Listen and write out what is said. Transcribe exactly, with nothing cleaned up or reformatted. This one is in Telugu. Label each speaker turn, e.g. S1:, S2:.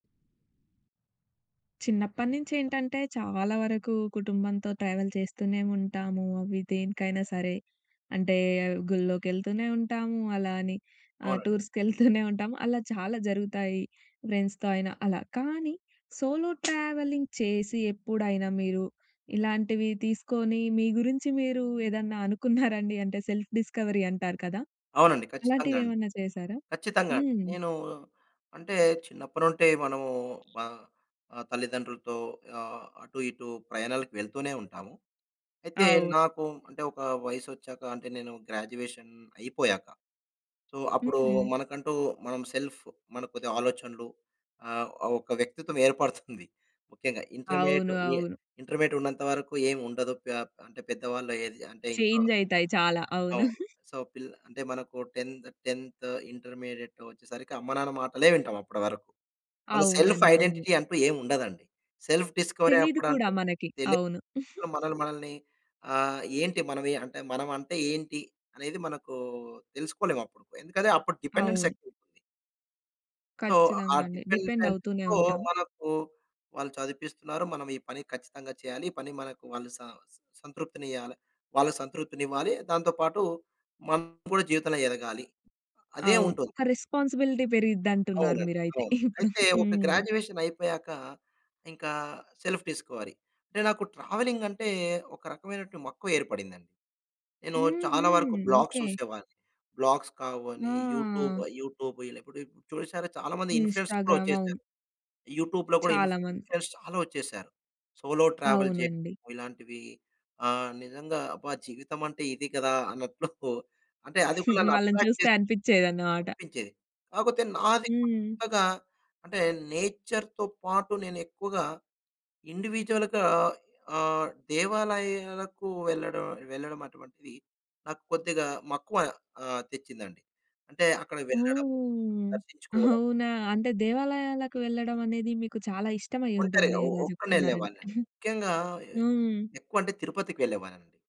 S1: చిన్నప్పటినుంచి ఏంటంటే చాలా వరకు కుటుంబంతో ట్రావెల్ చేస్తూనే ఉంటాము. అవి దేనికైనా సరే. అంటే గుళ్ళో‌కెళ్తూనే ఉంటాము. అలా అని ఆహ్,
S2: అవునండి.
S1: టూర్స్‌కెళ్తూనే ఉంటాము. అలా చాలా జరుగుతాయి ఫ్రెండ్స్‌తో అయినా అలా. కానీ సోలో ట్రావెలింగ్ చేసి ఎప్పుడైనా "మీరు ఇలాంటివి తీసుకొని మీ గురించి మీరు ఏదన్నా అనుకున్నారండి?" అంటే సెల్ఫ్ డిస్కవరీ అంటారు కదా!
S2: అవునండి. ఖచ్చితంగా
S1: అలాంటివి
S2: అండి.
S1: ఏమన్నా చేశారా?
S2: ఖచ్చితంగా అండీ.
S1: హ్మ్.
S2: నేను అంటే చిన్నప్పటి నుండి మనము మా తల్లిదండ్రులతో ఆహ్, అటు ఇటు ప్రయాణాలకు వెళ్తూనే ఉంటాము. అయితే
S1: అవు
S2: నాకు అంటే ఒక వయసొచ్చాక అంటే, నేను గ్రాడ్యుయేషన్ అయిపోయాక. సో, అప్పుడు
S1: హుహు.
S2: మనకంటూ మనం సెల్ఫ్ మన కొద్దిగా ఆలోచనలు ఆహ్, ఒక వ్యక్తిత్వం ఏర్పడుతుంది. ముఖ్యంగా ఇంటర్మీడియేట్
S1: అవును.
S2: ఏ
S1: అవును.
S2: ఇంటర్మీడియేట్ ఉన్నంత వరకు ఏముండదు. పే అంటే పెద్దవాళ్ళు ఏది అంటే ఇంట్లో
S1: చేంజ్ అయితాయి చాలా. అవును.
S2: అవును. సో, పి అంటే మనకు టెంత్ టెంత్ ఇంటర్మీడియేట్ వచ్చేసరికి అమ్మ-నాన్న మాటలే వింటాం అప్పటి వరకు. మన సెల్ఫ్
S1: అవునండి. నిజం.
S2: ఐడెంటిటీ అంటూ ఏముండదండి. సెల్ఫ్ డిస్కవరీ
S1: తెలీదు కూడా మనకి.
S2: అన్నపుడు
S1: అవును.
S2: మన మనల్ని ఆహ్, ఏంటి అంటే మనం అంటే ఏంటి అనేది మనకు తెలుసుకోలేం అప్పుడు. ఎందుకంటే, అప్పుడు డిపెండెన్సీ
S1: అవును.
S2: ఎక్కువుంటుంది సో, ఆ
S1: కచ్చితంగా అండి. డిపెండ్ అవుతూనే
S2: డిపెండెన్స్‌తో
S1: ఉంటాం.
S2: మనకు వాళ్ళు చదివిపిస్తున్నారు. మనం ఈ పని కచ్చితంగా చేయాలి. ఈ పని మనకు వాళ్ళు సం సంతృప్తిని ఇయ్యాలి. వాళ్ళ సంతృప్తిని ఇవ్వాలి. దాంతో పాటు మనం కూడా జీవితంలో ఎదగాలి. అదే
S1: అవును.
S2: ఉంటుంది.
S1: ఒక రెస్‌పాన్స్‌బిలిటీ పెరిగిద్దంటున్నారు
S2: అవునండి.
S1: మీరైతే
S2: అవును.
S1: ఇప్పుడు.
S2: అయితే ఒక
S1: హ్మ్.
S2: గ్రాడ్యుయేషన్ అయిపోయాక ఇంకా సెల్ఫ్ డిస్కవరీ. అంటే నాకు ట్రావెలింగ్ అంటే ఒక రకమైనటువంటి మక్కువేర్పడిందండి. నేను
S1: హ్మ్.
S2: చాలా వరకు
S1: హ్మ్.
S2: Blogs
S1: okay.
S2: చూసేవాడిని. బ్లాగ్స్ కావని, యూట్యూబ్
S1: ఆ!
S2: యూట్యూబ్ ఇలా కూడా చూసారా చాలా మంది ఇన్‌ఫ్లూ‌యన్సర్స్ కూడా
S1: ఇన్‌స్టా‌గ్రామ్. అవును.
S2: వచ్చేసారు. యూట్యూబ్‌లో కూడా
S1: చాలా మంది.
S2: ఇన్‌ఫ్లూ‌యన్సర్స్ చాలా వచ్చేసారు. సోలో ట్రావెల్ చేయడం
S1: అవునండి.
S2: ఇలాంటివి ఆ! నిజంగా అబ్బా జీవితం అంటే ఇది కదా అన్నట్లు అంటే అది కూడా
S1: వాళ్ళని
S2: అట్రాక్ట్
S1: చూస్తే
S2: చేస్తుంది.
S1: అనిపించేదన్నమాట.
S2: కనిపించేది. కాకపోతే నాది
S1: హ్మ్.
S2: కొత్తగా అంటే నేచర్‌తో పాటు నేను ఎక్కువగా ఇండివిడ్యువల్‌గా ఆహ్, దేవాలయాలకు వెళ్లడం వెళ్లడం అటువంటిది నాకు కొద్దిగా మక్కువ ఆహ్, తెచ్చిందండి. అంటే అక్కడకి వెళ్ళడం,
S1: ఓహ్!
S2: దర్శించుకోవడం.
S1: అవునా! అంటే దేవాలయాలకు వెళ్ళడం అనేది మీకు చాలా ఇష్టమై
S2: ఒంటరిగా.
S1: ఉంటుంది.
S2: ఒ
S1: ఇలా
S2: ఒక్కడినే
S1: చెప్తున్నారంటే.
S2: వెళ్ళేవాణ్ణినండి. ముఖ్యంగా
S1: హ్మ్.
S2: ఎక్కువ అంటే తిరుపతికెళ్ళేవాడినండి.